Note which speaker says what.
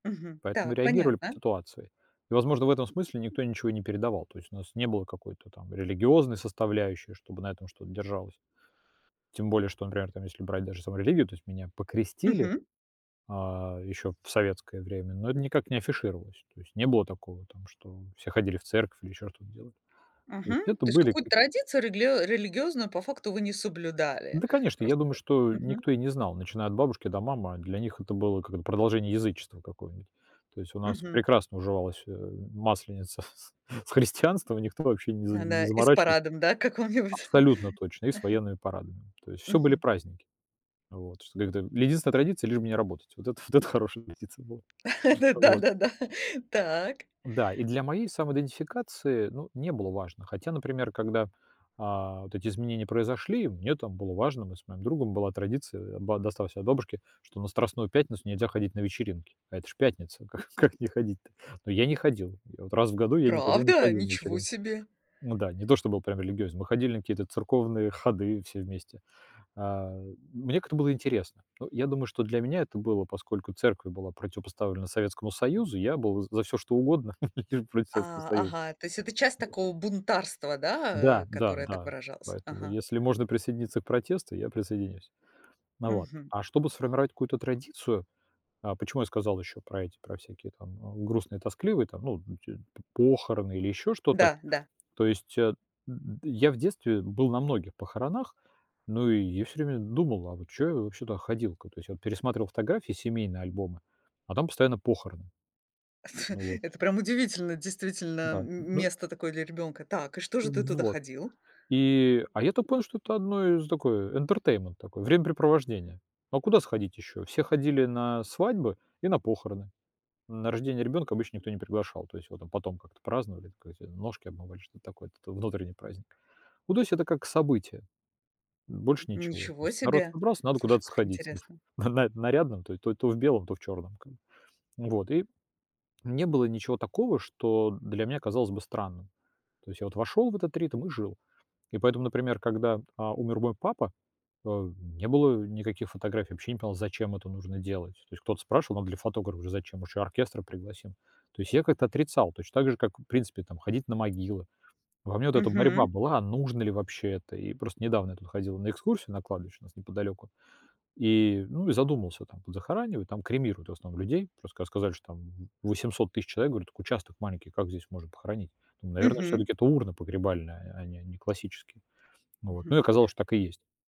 Speaker 1: Мгм.
Speaker 2: Поэтому
Speaker 1: Так,
Speaker 2: реагировали по
Speaker 1: понятно.
Speaker 2: ситуации. И, возможно, в этом смысле никто ничего и не передавал, то есть у нас не было какой-то там религиозной составляющей, чтобы на этом что-то держалось. Тем более, что, например, там если брать даже саму религию, то есть меня покрестили,
Speaker 1: Мгм.
Speaker 2: э, ещё в советское время. Но это никак не афишировалось, то есть не было такого там, что, э, все ходили в церковь или ещё что-то делали. То
Speaker 1: Мгм.
Speaker 2: есть это
Speaker 1: То есть
Speaker 2: были
Speaker 1: какую-то
Speaker 2: как
Speaker 1: традицию реглио религиозную, по факту, вы не соблюдали?
Speaker 2: Да, конечно, я
Speaker 1: Просто
Speaker 2: думаю, что
Speaker 1: Мгм.
Speaker 2: никто и не знал, начиная от бабушки и до мамы- а для них это было, как это, продолжение язычества какое-нибудь. То есть у нас
Speaker 1: Мгм.
Speaker 2: прекрасно уживалась, э, Масленица с с христианством, и никто вообще не за
Speaker 1: А
Speaker 2: не
Speaker 1: да и с
Speaker 2: заморачива
Speaker 1: парадом, да, о, каком-нибудь.
Speaker 2: Абсолютно точно! И с военными парадами. То есть всё были
Speaker 1: Мгм.
Speaker 2: праздники. А, вот, что как-то или единственная традиция- лишь бы не работать. Вот это вот это хорошая традиция была. А
Speaker 1: Ну
Speaker 2: вот.
Speaker 1: да-да-да! Так.
Speaker 2: Да и для моей самоидентификации, ну, не было важно. Хотя, например, когда, э, вот эти изменения произошли, мне там было важно: мы с моим другом, была традиция, а, ба досталась от бабушки, что на Страстную пятницу нельзя ходить на вечеринки. А это ж пятница, как как не ходить-то? Ну я и не ходил: я вот раз в году я никогда не
Speaker 1: Правда?
Speaker 2: ходил на
Speaker 1: Ничего
Speaker 2: вечеринки.
Speaker 1: себе!
Speaker 2: Ну да, не то, что был прям религиозен, мы ходили на какие-то церковные ходы все вместе. Э, мне как-то было интересно. Ну я думаю, что для меня это было, поскольку церковь была противопоставлена Советскому Союзу, я был, э, за всё, что угодно- лишь бы против Советского
Speaker 1: А,
Speaker 2: Союза.
Speaker 1: ага, э, то есть это часть такого бунтарства, да?
Speaker 2: Да,
Speaker 1: Э,
Speaker 2: да,
Speaker 1: которое так
Speaker 2: да,
Speaker 1: выражалось.
Speaker 2: поэтому
Speaker 1: Ага.
Speaker 2: если можно присоединиться к протесту, я присоединюсь. Э, вот,
Speaker 1: Мгм.
Speaker 2: а чтобы сформировать какую-то традицию, э, почему я сказал еще про эти, про всякие там, о, грустные, тоскливые там, ну, э, эти п похороны или еще что-то.
Speaker 1: Да, да.
Speaker 2: То есть, а, я в детстве, э, был на многих похоронах. Ну и я всё время д думал, а вот чё я вообще туда ходил? К то есть я пересматривал фотографии, семейные альбомы, а там постоянно похороны. Ну вот.
Speaker 1: Это прям удивительно, действительно,
Speaker 2: Да,
Speaker 1: м
Speaker 2: н ну
Speaker 1: место такое для ребёнка. Так, и что же ты туда
Speaker 2: Вот.
Speaker 1: ходил?
Speaker 2: И, а, я так понял, что это одно из такое, э, "интертеймент" такой- времяпрепровождение. А куда сходить ещё? Все ходили на, э, свадьбы и на похороны. На рождение ребёнка обычно никто не приглашал, то есть его там потом как-то праздновали, ка эти "ножки обмывали", что-то такое это т внутренний праздник. Ну, то есть это как событие. М, больше ничего, то
Speaker 1: Ничего
Speaker 2: есть народ
Speaker 1: себе!
Speaker 2: собрался, надо
Speaker 1: Слушай,
Speaker 2: куда-то
Speaker 1: как
Speaker 2: сходить, да.
Speaker 1: интересно!
Speaker 2: На на нарядным: то то то в белом, то в чёрном, как бы. Вот, и не было ничего такого, что для меня казалось бы странным. То есть я вот вошёл в этот ритм и жил. И поэтому, например, когда, а, умер мой папа, э, н не было никаких фотографий. Я вообще не понимал, зачем это нужно делать? То есть кто-то спрашивал, надо ли фотографа? Я говорю: "Зачем? Может, еще оркестр пригласим." То есть я как-то отрицал, точно так же, как, э, в принципе, там ходить на могилы. Во мне вот эта борьба
Speaker 1: Мгм.
Speaker 2: была: а нужно ли вообще это? И просто недавно я тут ходил на экскурсию на кладбище, у нас неподалёку. И, ну и задумался, а там захоранивают, там кремируют, в основном, людей. Просто когда сказали, что там, м, 800 000 человек, говорю: "Так участок маленький, как здесь можно похоронить?" Там, наверное,
Speaker 1: Мгм.
Speaker 2: всё-таки это урны погребальные, а а не не классические. Ну вот,
Speaker 1: Мгм.
Speaker 2: ну и оказалось, что так и есть.